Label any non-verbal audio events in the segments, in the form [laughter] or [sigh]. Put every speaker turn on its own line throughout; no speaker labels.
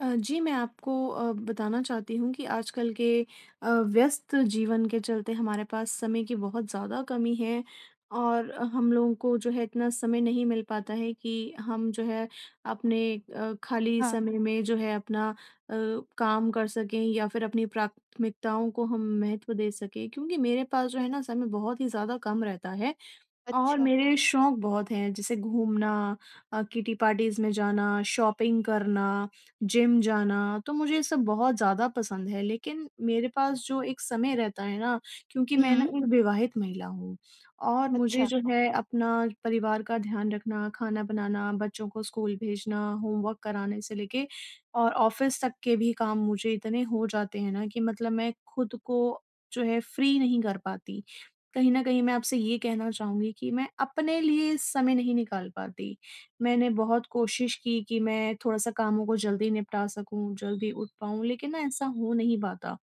अ, जी मैं आपको अ, बताना चाहती हूँ कि आजकल के अ, व्यस्त जीवन के चलते हमारे पास समय की बहुत ज़्यादा कमी है, और हम लोगों को जो है इतना समय नहीं मिल पाता है कि हम जो है अपने अ, खाली
हाँ।
समय में जो है अपना अ, काम कर सकें या फिर अपनी प्राथमिकताओं को हम महत्व दे सकें। क्योंकि मेरे पास जो है ना समय बहुत ही ज़्यादा कम रहता है, और
अच्छा।
मेरे शौक बहुत हैं, जैसे घूमना अ, किटी पार्टीज़ में जाना, शॉपिंग करना, जिम जाना। तो मुझे ये सब बहुत ज़्यादा पसंद है लेकिन मेरे पास जो एक समय रहता है ना, क्योंकि मैं ना
हुँ।
एक विवाहित महिला हूँ और मुझे
अच्छा।
जो है अपना परिवार का ध्यान रखना, खाना बनाना, बच्चों को स्कूल भेजना, होमवर्क कराने से लेके और ऑफिस तक के भी काम मुझे इतने हो जाते हैं ना कि मतलब मैं खुद को जो है फ्री नहीं कर पाती। कहीं न कहीं मैं आपसे ये कहना चाहूँगी कि मैं अपने लिए समय नहीं निकाल पाती। मैंने बहुत कोशिश की, कि मैं थोड़ा-सा कामों को जल्दी निपटा सकूँ, जल्दी उठ पाऊँ लेकिन ना ऐसा हो नहीं पाता,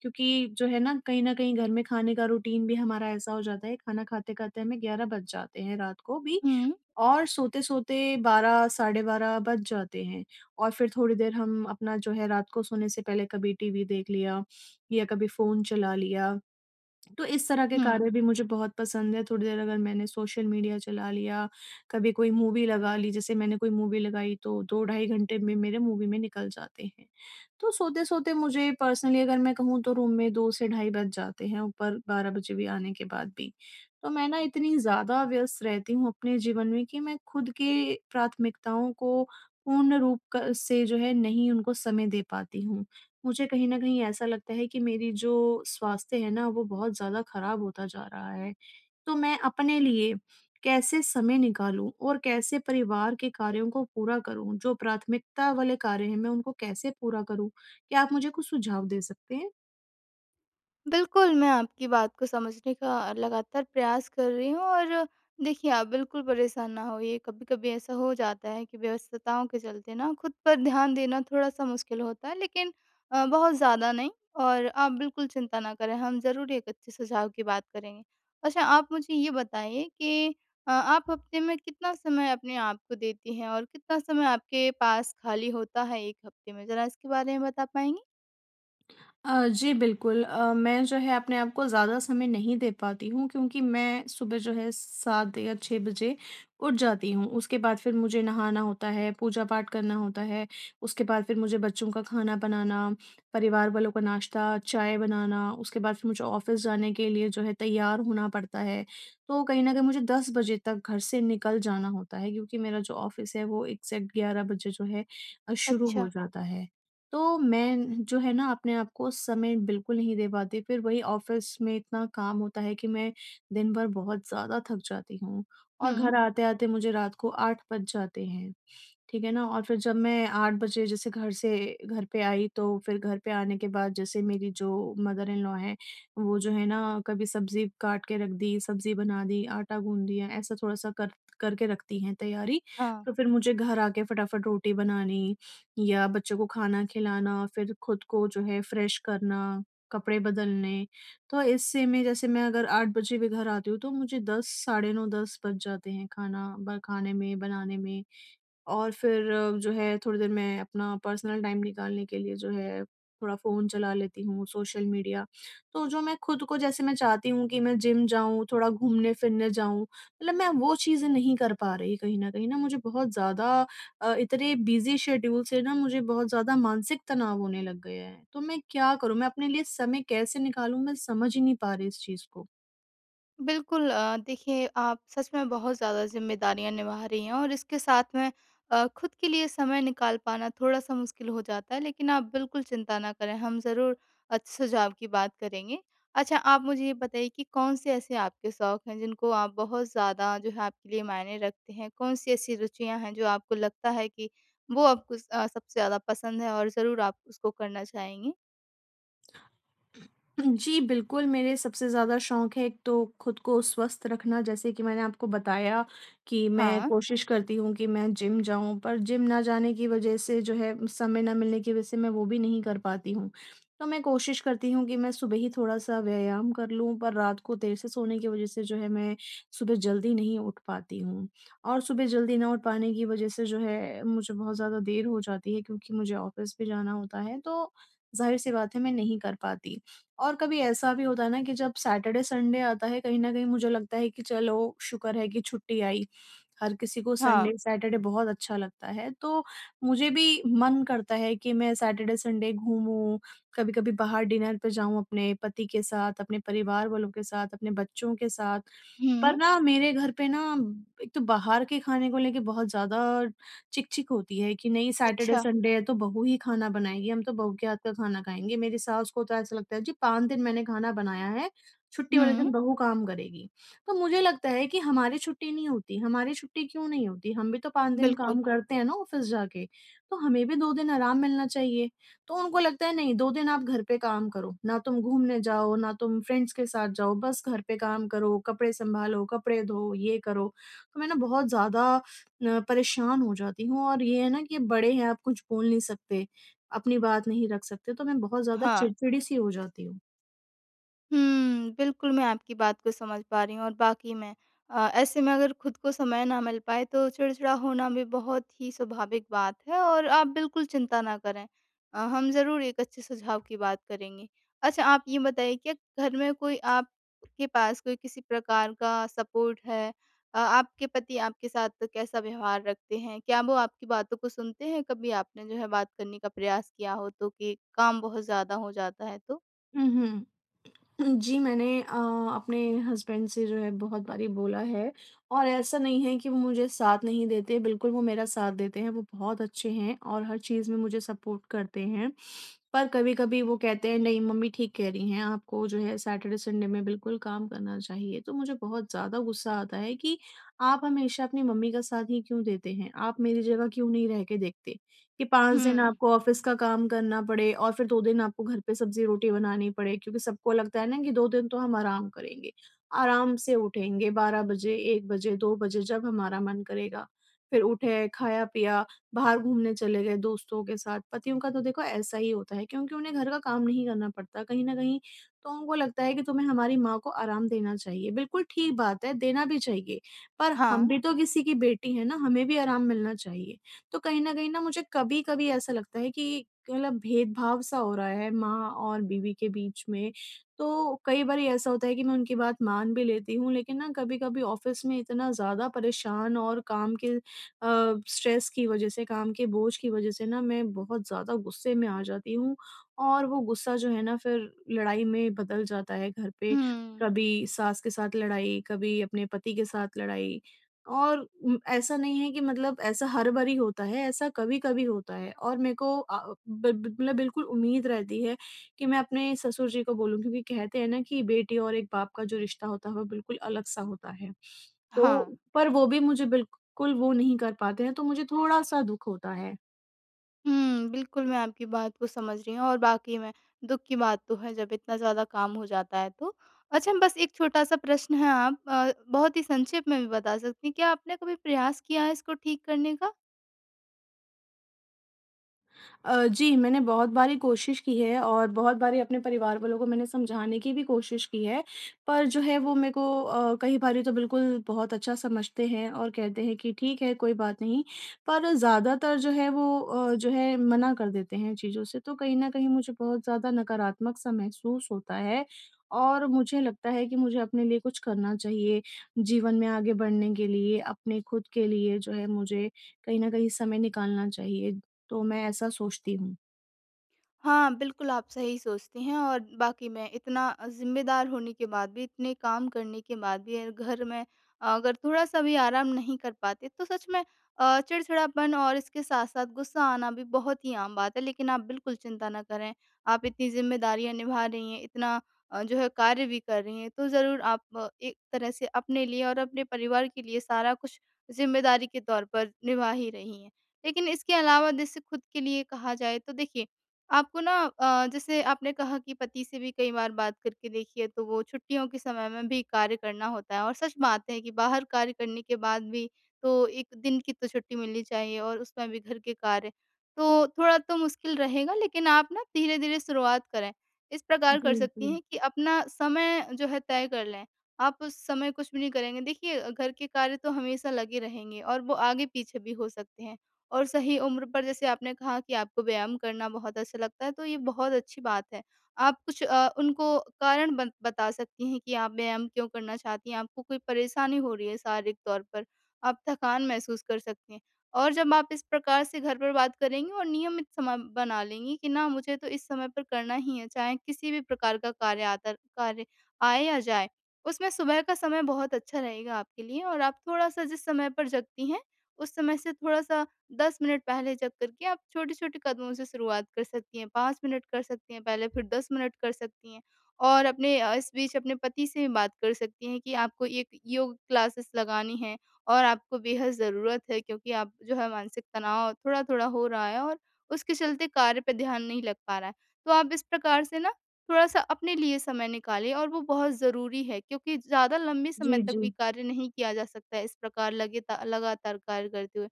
क्योंकि जो है ना कहीं न कहीं घर में खाने का रूटीन भी हमारा ऐसा हो जाता है, खाना खाते-खाते हमें 11 बज जाते हैं रात को भी
हुँ।
और सोते-सोते 12 साढ़े 12 बज जाते हैं। और फिर थोड़ी देर हम अपना जो है रात को सोने से पहले कभी टीवी देख लिया या कभी फ़ोन चला लिया। तो इस तरह के
हुँ।
कार्य भी मुझे बहुत पसंद है, थोड़ी देर अगर मैंने सोशल मीडिया चला लिया, कभी कोई मूवी लगा ली, जैसे मैंने कोई मूवी लगाई तो 2 ढाई घंटे में मेरे मूवी में निकल जाते हैं। तो सोते-सोते मुझे पर्सनली अगर मैं कहूँ तो रूम में 2 से ढाई बज जाते हैं, ऊपर 12 बजे भी आने के बाद भी। तो मैं ना इतनी ज़्यादा व्यस्त रहती हूँ अपने जीवन में कि मैं खुद की प्राथमिकताओं को पूर्ण रूप क से जो है नहीं उनको समय दे पाती हूँ। मुझे कहीं न कहीं ऐसा लगता है कि मेरी जो स्वास्थ्य है ना, वो बहुत ज़्यादा खराब होता जा रहा है। तो मैं अपने लिए कैसे समय निकालूँ और कैसे परिवार के कार्यों को पूरा करूँ, जो प्राथमिकता वाले कार्य हैं मैं उनको कैसे पूरा करूँ, क्या आप मुझे कुछ सुझाव दे सकते हैं?
बिल्कुल मैं आपकी बात को समझने का लगातार प्रयास कर रही हूँ और देखिए आप बिल्कुल परेशान ना होइए। कभी-कभी ऐसा हो जाता है कि व्यस्तताओं के चलते ना खुद पर ध्यान देना थोड़ा-सा मुश्किल होता है लेकिन अ, बहुत ज़्यादा नहीं। और आप बिल्कुल चिंता ना करें, हम ज़रूर एक अच्छे सुझाव की बात करेंगे। अच्छा आप मुझे ये बताइए कि अ, आप हफ़्ते में कितना समय अपने आपको को देती हैं और कितना समय आपके पास खाली होता है 1 हफ़्ते में? ज़रा इसके बारे में बता पाएँगी?
अ, जी बिल्कुल अ, मैं जो है अपने आप को ज़्यादा समय नहीं दे पाती हूँ। क्योंकि मैं सुबह जो है 7 या 6 बजे उठ जाती हूँ। उसके बाद फिर मुझे नहाना होता है, पूजा पाठ करना होता है। उसके बाद फिर मुझे बच्चों का खाना बनाना, परिवार वालों का नाश्ता-चाय बनाना, उसके बाद फिर मुझे ऑफ़िस जाने के लिए जो है तैयार होना पड़ता है। तो कहीं न कहीं मुझे 10 बजे तक घर से निकल जाना होता है क्योंकि मेरा जो ऑफ़िस है वो एग्ज़ैक्ट 11 बजे जो है अ, शुरू हो
अच्छा।
जाता है। तो मैं जो है ना अपने आप को समय बिल्कुल नहीं दे पाती। फिर वही ऑफ़िस में इतना काम होता है कि मैं दिन भर बहुत ज़्यादा थक जाती हूँ और
हुँ।
घर आते-आते मुझे रात को 8 बज जाते हैं। ठीक है ना? और फिर जब मैं 8 बजे जैसे घर से घर पे आई तो फिर घर पे आने के बाद जैसे मेरी जो मदर-इन-लॉ हैं वो जो हैं ना कभी सब्ज़ी काट के रख दी, सब्ज़ी बना दी, आटा गूँध दिया, ऐसा थोड़ा-सा कर करके रखती हैं तैयारी।
हाँ।
तो फिर मुझे घर आके फटाफट रोटी बनानी या बच्चों को खाना खिलाना, फिर खुद को जो है फ्रेश करना, कपड़े बदलने तो इससे मैं जैसे मैं अगर 8 बजे भी घर आती हूँ तो मुझे 10 साढ़े 9-10 बज जाते हैं खाना ब खाने में, बनाने में। और फिर जो है थोड़ी देर मैं अपना पर्सनल टाइम निकालने के लिए जो है थोड़ा फ़ोन चला लेती हूँ, सोशल मीडिया। तो जो मैं खुद को जैसे मैं चाहती हूँ कि मैं जिम जाऊँ, थोड़ा घूमने-फिरने जाऊँ मतलब मैं वो चीज़ें नहीं कर पा रही। कहीं न कहीं ना मुझे बहुत ज़्यादा अ, इतने बिज़ी शेड्यूल से न मुझे बहुत ज़्यादा मानसिक तनाव होने लग गया है। तो मैं क्या करूँ? मैं अपने लिए समय कैसे निकालूँ मैं समझ ही नहीं पा रही इस चीज़ को।
बिल्कुल अ, देखिए, आप सच में बहुत ज़्यादा ज़िम्मेदारियाँ निभा रही हैं और इसके साथ में अ, खुद के लिए समय निकाल पाना थोड़ा-सा मुश्किल हो जाता है। लेकिन आप बिल्कुल चिंता ना करें, हम ज़रूर अच्छे सुझाव की बात करेंगे। अच्छा, आप मुझे ये बताइए कि कौन-से ऐसे आपके शौक हैं, जिनको आप बहुत ज़्यादा, जो है, आपके लिए मायने रखते हैं? कौन-सी ऐसी रुचियाँ हैं, जो आपको लगता है कि वो आपको अ, सबसे ज़्यादा पसंद है और ज़रूर आप उसको करना चाहेंगी?
हुँ। जी, बिल्कुल, मेरे सबसे ज़्यादा शौक हैं, एक तो खुद को स्वस्थ रखना। जैसे कि मैंने आपको बताया कि मैं
हाँ।
कोशिश करती हूँ कि मैं जिम जाऊँ, पर जिम ना जाने की वज़ह से, जो है, समय ना मिलने की वज़ह से मैं वो भी नहीं कर पाती हूँ। तो मैं कोशिश करती हूँ कि मैं सुबह ही थोड़ा-सा व्यायाम कर लूँ, पर रात को देर से सोने की वज़ह से, जो है, मैं सुबह जल्दी नहीं उठ पाती हूँ और सुबह जल्दी ना उठ पाने की वज़ह से, जो है, मुझे बहुत ज़्यादा देर हो जाती है, क्योंकि मुझे ऑफ़िस भी जाना होता है। तो ज़ाहिर-सी बात है, मैं नहीं कर पाती और कभी ऐसा भी होता है ना कि जब सैटरडे-संडे आता है, कहीं न कहीं मुझे लगता है कि चलो, शुक्र है कि छुट्टी आई। हर किसी को
हाँ।
संडे-सैटरडे बहुत अच्छा लगता है। तो मुझे भी मन करता है कि मैं सैटरडे-संडे घूमूँ, कभी-कभी बाहर डिनर पे जाऊँ, अपने पति के साथ, अपने परिवार वालों के साथ, अपने बच्चों के साथ। पर
हुँ।
ना, मेरे घर पे ना, एक तो बाहर के खाने को लेके बहुत ज़्यादा चिक-चिक होती है कि, "नहीं,
अच्छा।
सैटरडे-संडे है, तो बहू ही खाना बनाएगी। हम तो बहू के हाथ का खाना खाएँगे।" मेरी सास को तो ऐसा लगता है, "जी, 5 दिन मैंने खाना बनाया है, छुट्टी वाले
हुँ।
दिन बहू काम करेगी।" तो मुझे लगता है कि, "हमारी छुट्टी नहीं होती, हमारी छुट्टी क्यों नहीं होती? हम भी तो 5 दिन
बिल्कुल।
काम करते हैं ना, ऑफ़िस जाके। तो हमें भी 2 दिन आराम मिलना चाहिए।" तो उनको लगता है, "नहीं, 2 दिन आप घर पे काम करो। ना तुम घूमने जाओ, ना तुम फ्रेंड्स के साथ जाओ, बस घर पे काम करो, कपड़े संभालो, कपड़े धो, ये करो।" तो मैं ना, बहुत ज़्यादा अ, परेशान हो जाती हूँ और ये है ना कि अब बड़े हैं, आप कुछ बोल नहीं सकते, अपनी बात नहीं रख सकते। तो मैं बहुत ज़्यादा
हाँ।
चिड़चिड़ी-सी हो जाती हूँ।
हुँ, बिल्कुल मैं आपकी बात को समझ पा रही हूँ और वाक़ई में अ, ऐसे में अगर खुद को समय ना मिल पाए तो चिड़चिड़ा होना भी बहुत ही स्वाभाविक बात है और आप बिल्कुल चिंता ना करें। अ, हम ज़रूर एक अच्छे सुझाव की बात करेंगे। अच्छा आप ये बताइए, क्या घर में कोई आपके पास कोई किसी प्रकार का सपोर्ट है, अ, आपके पति आपके साथ कैसा व्यवहार रखते हैं? क्या वो आपकी बातों को सुनते हैं, कभी आपने जो है बात करने का प्रयास किया हो, तो कि काम बहुत ज़्यादा हो जाता है तो?
हुँ, हुँ। [clears throat] जी, मैंने अ, अपने हसबैंड से जो है बहुत बारी बोला है और ऐसा नहीं है कि वो मुझे साथ नहीं देते। बिल्कुल वो मेरा साथ देते हैं, वो बहुत अच्छे हैं और हर चीज़ में मुझे सपोर्ट करते हैं। पर कभी-कभी वो कहते हैं नहीं मम्मी ठीक कह रही हैं आपको जो है सैटरडे-संडे में बिल्कुल काम करना चाहिए। तो मुझे बहुत ज़्यादा गुस्सा आता है कि आप हमेशा अपनी मम्मी का साथ ही क्यों देते हैं? आप मेरी जगह क्यों नहीं रह के देखते कि 5 दिन
हुँ।
आपको ऑफ़िस का काम करना पड़े और फ़िर 2 दिन आपको घर पे सब्ज़ी-रोटी बनानी पड़े। क्योंकि सबको लगता है ना कि 2 दिन तो हम आराम करेंगे। आराम से उठेंगे 12 बजे, 1 बजे, 2 बजे जब हमारा मन करेगा। फ़िर उठे, खाया-पिया, बाहर घूमने चले गए दोस्तों के साथ। पतियों का तो देखो ऐसा ही होता है क्योंकि उन्हें घर का काम नहीं करना पड़ता कहीं न कहीं, तो उनको लगता है कि तुम्हें हमारी माँ को आराम देना चाहिए। बिल्कुल ठीक बात है देना भी चाहिए, पर हम
हाँ।
भी तो किसी की बेटी हैं ना, हमें भी आराम मिलना चाहिए। तो कहीं न कहीं ना मुझे कभी-कभी ऐसा लगता है कि मतलब भेदभाव-सा हो रहा है माँ और बीवी के बीच में। तो कई बारी ऐसा होता है कि मैं उनकी बात मान भी लेती हूँ लेकिन ना कभी-कभी ऑफ़िस में इतना ज़्यादा परेशान और काम के अ, स्ट्रेस की वज़ह से, काम के बोझ की वज़ह से ना मैं बहुत ज़्यादा गुस्से में आ जाती हूँ और वो गुस्सा जो है ना फ़िर लड़ाई में बदल जाता है। घर पे
हुँ।
कभी सास के साथ लड़ाई, कभी अपने पति के साथ लड़ाई और उम, ऐसा नहीं है कि मतलब ऐसा हर बारी होता है, ऐसा कभी-कभी होता है। और मेरे को अ, बि ब मतलब बिल्कुल उम्मीद रहती है कि मैं अपने ससुर जी को बोलूँ क्योंकि कहते हैं ना कि बेटी और एक बाप का जो रिश्ता होता है वो बिल्कुल अलग-सा होता है।
हाँ।
तो पर वो भी मुझे बिल्कुल वो नहीं कर पाते हैं, तो मुझे थोड़ा-सा दुःख होता है।
हुँ, बिल्कुल मैं आपकी बात को समझ रही हूँ और वाक़ई में दुख की बात तो है जब इतना ज़्यादा काम हो जाता है तो। अच्छा बस एक छोटा सा प्रश्न है आप अ बहुत ही संक्षेप में भी बता सकती हैं। क्या आपने कभी प्रयास किया है इसको ठीक करने का?
अ, जी मैंने बहुत बारी कोशिश की है और बहुत बारी अपने परिवार वालों को मैंने समझाने की भी कोशिश की है, पर जो है वो मेरे को अ, कई बारी तो बिल्कुल बहुत अच्छा समझते हैं और कहते हैं कि ठीक है कोई बात नहीं पर ज़्यादातर जो है वो अ, जो है मना कर देते हैं चीज़ों से, तो कहीं न कहीं मुझे बहुत ज़्यादा नकारात्मक सा महसूस होता है और मुझे लगता है कि मुझे अपने लिए कुछ करना चाहिए, जीवन में आगे बढ़ने के लिए, अपने खुद के लिए जो है मुझे कहीं न कहीं समय निकालना चाहिए। तो मैं ऐसा सोचती हूँ।
हाँ, बिल्कुल आप सही सोचती हैं और वाक़ई मैं इतना अ, ज़िम्मेदार होने के बाद भी इतने काम करने के बाद भी अ, घर में अगर थोड़ा-सा भी आराम नहीं कर पाते तो सच में अ, चिड़चिड़ापन और इसके साथ-साथ गुस्सा आना भी बहुत ही आम बात है, लेकिन आप बिल्कुल चिंता ना करें, आप इतनी ज़िम्मेदारियाँ निभा रही हैं, इतना अ, जो है कार्य भी कर रही हैं तो ज़रूर आप एक तरह से अपने लिए और अपने परिवार के लिए सारा कुछ ज़िम्मेदारी के तौर पर निभा ही रही हैं। लेकिन इसके अलावा जैसे खुद के लिए कहा जाए तो देखिए आपको ना अ, जैसे आपने कहा कि पति से भी कई बार बात करके देखी है तो वो छुट्टियों के समय में भी कार्य करना होता है और सच बात है कि बाहर कार्य करने के बाद भी तो एक दिन की तो छुट्टी मिलनी चाहिए और उसमें भी घर के कार्य, तो थोड़ा तो मुश्किल रहेगा लेकिन आप ना धीरे-धीरे शुरुआत करें, इस प्रकार कर
जी,
सकती
जी।
हैं कि अपना समय जो है तय कर लें, आप उस समय कुछ भी नहीं करेंगे, देखिए घर के कार्य तो हमेशा लगे रहेंगे और वो आगे पीछे भी हो सकते हैं और सही उम्र पर जैसे आपने कहा कि आपको व्यायाम करना बहुत अच्छा लगता है तो ये बहुत अच्छी बात है। आप कुछ अ, उनको कारण बन बता सकती हैं कि आप व्यायाम क्यों करना चाहती हैं? आपको कोई परेशानी हो रही है शारीरिक तौर पर, आप थकान महसूस कर सकती हैं और जब आप इस प्रकार से घर पर बात करेंगी और नियमित समय बना लेंगी कि ना मुझे तो इस समय पर करना ही है, चाहे किसी भी प्रकार का कार्य आतर कार्य आए या जाए, उसमें सुबह का समय बहुत अच्छा रहेगा आपके लिए और आप थोड़ा-सा जिस समय पर जगती हैं, उस समय से थोड़ा-सा 10 मिनट पहले जग कर के आप छोटे-छोटे कदमों से शुरुआत कर सकती हैं, 5 मिनट कर सकती हैं, पहले फिर 10 मिनट कर सकती हैं और अपने अ, इस बीच अपने पति से बात कर सकती हैं कि आपको एक योग क्लासेस लगानी है और आपको बेहद ज़रूरत है क्योंकि आप जो है मानसिक तनाव थोड़ा-थोड़ा हो रहा है और उसके चलते कार्य पे ध्यान नहीं लग पा रहा है, तो आप इस प्रकार से ना थोड़ा-सा अपने लिए समय निकालें और वो बहुत ज़रूरी है क्योंकि ज़्यादा लंबे समय
जी,
तक भी
जी।
कार्य नहीं किया जा सकता इस प्रकार लगेता लगातार कार्य करते हुए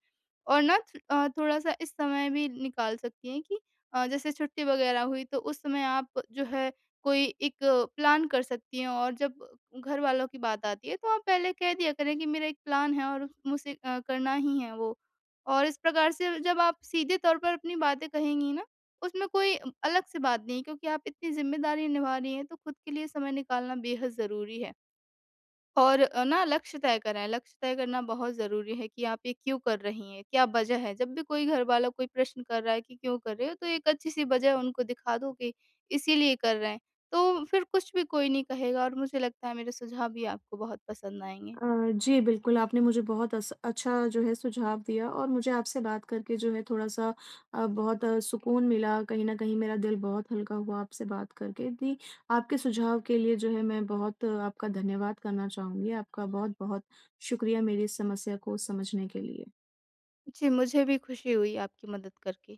और ना च अ, थोड़ा-सा इस समय भी निकाल सकती हैं कि अ, जैसे छुट्टी वगैरह हुई तो उस समय आप जो है कोई एक प्लान कर सकती हैं और जब घरवालों की बात आती है तो आप पहले कह दिया करें कि मेरा एक प्लान है और मुझे अ, करना ही है वो और इस प्रकार से जब आप सीधे तौर पर अपनी बातें कहेंगी ना, उसमें कोई अलग से बात नहीं है क्योंकि आप इतनी ज़िम्मेदारी निभा रही हैं, तो खुद के लिए समय निकालना बेहद ज़रूरी है। और अ, ना लक्ष्य तय करें। लक्ष्य तय करना बहुत ज़रूरी है कि आप ये क्यों कर रही हैं? क्या वजह है? जब भी कोई घर वाला कोई प्रश्न कर रहा है कि क्यों कर रहे हो तो एक अच्छी सी वजह उनको दिखा दो कि इसीलिए कर रहे हैं। तो फिर कुछ भी कोई नहीं कहेगा और मुझे लगता है मेरे सुझाव भी आपको बहुत पसंद आएँगे।
अ, जी बिल्कुल आपने मुझे बहुत अस अच्छा जो है सुझाव दिया और मुझे आपसे बात करके जो है थोड़ा-सा अ, बहुत सुकून मिला कहीं न कहीं मेरा दिल बहुत हल्का हुआ आपसे बात करके दि आपके सुझाव के लिए जो है मैं बहुत आपका धन्यवाद करना चाहूँगी। आपका बहुत-बहुत शुक्रिया मेरी इस समस्या को समझने के लिए।
जी मुझे भी खुशी हुई आपकी मदद करके।